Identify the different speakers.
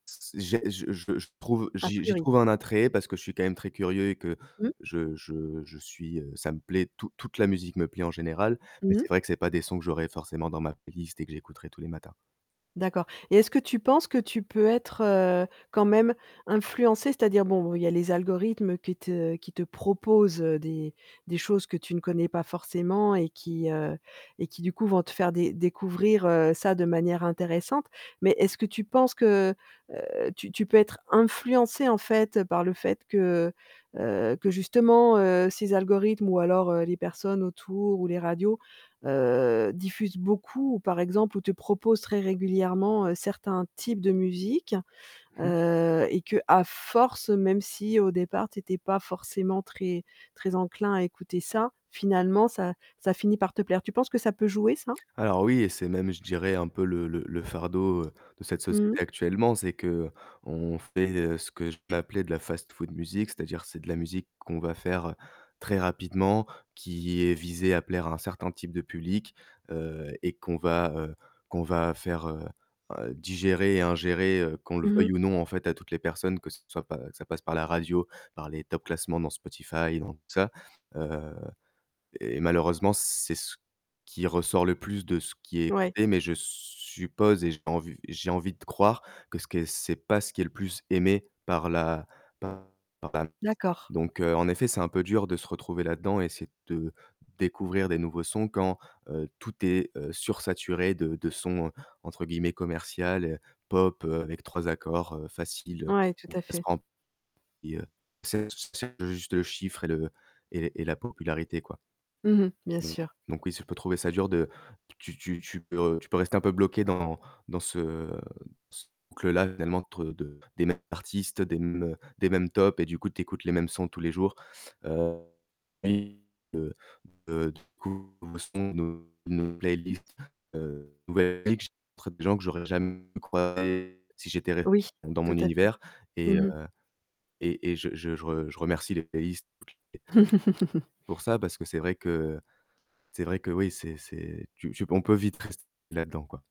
Speaker 1: S j'ai je je je trouve
Speaker 2: A
Speaker 1: j'y j'y
Speaker 2: priori.
Speaker 1: trouve un attrait parce que je suis quand même très curieux et que
Speaker 2: Mmh.
Speaker 1: je je je suis heu, ça me plaît, tou toute la musique me plaît en général, mais
Speaker 2: Mmh
Speaker 1: c'est
Speaker 2: mh.
Speaker 1: vrai que c'est pas des sons que j'aurais forcément dans ma playlist et que j'écouterai tous les matins.
Speaker 2: D'accord et est-ce que tu penses que tu peux être, heu, quand même influencé? C'est-à-dire, bon, il y a les algorithmes qui te qui te proposent des des choses que tu ne connais pas forcément et qui, heu et qui, du coup, vont te faire dé découvrir, heu, ça de manière intéressante. Mais est-ce que tu penses que, heu, tu tu peux être influencé, en fait, par le fait que, heu, que justement, heu, ces algorithmes ou alors, heu, les personnes autour ou les radios, heu, diffusent beaucoup ou, par exemple ou te proposent très régulièrement, heu, certains types de musique,
Speaker 1: Mmh.
Speaker 2: heu et qu'à force, même si au départ, tu étais pas forcément très, très enclin à écouter ça, finalement, ça ça finit par te plaire? Tu penses que ça peut jouer ça?
Speaker 1: Alors oui et c'est même, je dirais, un peu le le le fardeau de cette société
Speaker 2: Mmh mh.
Speaker 1: actuellement. C'est qu'on fait ce que je peux appeler de la «fast-food musique», c'est-à-dire c'est de la musique qu'on va faire très rapidement, qui est visée à plaire à un certain type de public, heu et qu'on va, heu, qu'on va faire, heu, digérer et ingérer, heu, qu'on le
Speaker 2: Mmh mh.
Speaker 1: veuille ou non, en fait, à toutes les personnes, que ce soit pas que ça passe par la radio, par les top classements dans Spotify, et dans tout ça, heu et malheureusement, c'est ce qui ressort le plus de ce qui est
Speaker 2: Ouais.
Speaker 1: écouté. Mais je suppose et j'ai envie j'ai envie de croire que ce qu'est c'est pas ce qui est le plus aimé par la par la [unintelligible]
Speaker 2: D'accord.
Speaker 1: donc heu, en effet, c'est un peu dur de se retrouver là-dedans et essayer de découvrir des nouveaux sons quand, heu, tout est, heu, sursaturé de de sons entre guillemets «commercial,» pop avec 3 accords, heu, faciles,
Speaker 2: Ouais, tout
Speaker 1: où
Speaker 2: à
Speaker 1: elle se
Speaker 2: fait.
Speaker 1: prend [unintelligible] et heu, c'est ch c'est juste le chiffre et le et et la popularité, quoi.
Speaker 2: Mmh mh, bien
Speaker 1: Donc
Speaker 2: sûr.
Speaker 1: donc oui, je peux trouver ça dur de tu tu tu peux tu peux rester un peu bloqué dans dans ce ce boucle-là, [unintelligible] des mêmes artistes, des mêmes des mêmes tops et du coup, tu écoutes les mêmes sons tous les jours. Heu li heu, de du coup nouveaux sons, nou nouveau playlist, heu, nouvelle [unintelligible] tr des gens que j'aurais jamais croisé si j'étais res
Speaker 2: Oui,
Speaker 1: dans
Speaker 2: tout
Speaker 1: mon
Speaker 2: à fait.
Speaker 1: univers et heu
Speaker 2: Mmh mh.
Speaker 1: et et je je je re je remercie les playlists [unintelligible] pour ça, parce que c'est vrai que c'est vrai que, oui, c'est c'est tu tu on peut vite rest là-dedans quoi.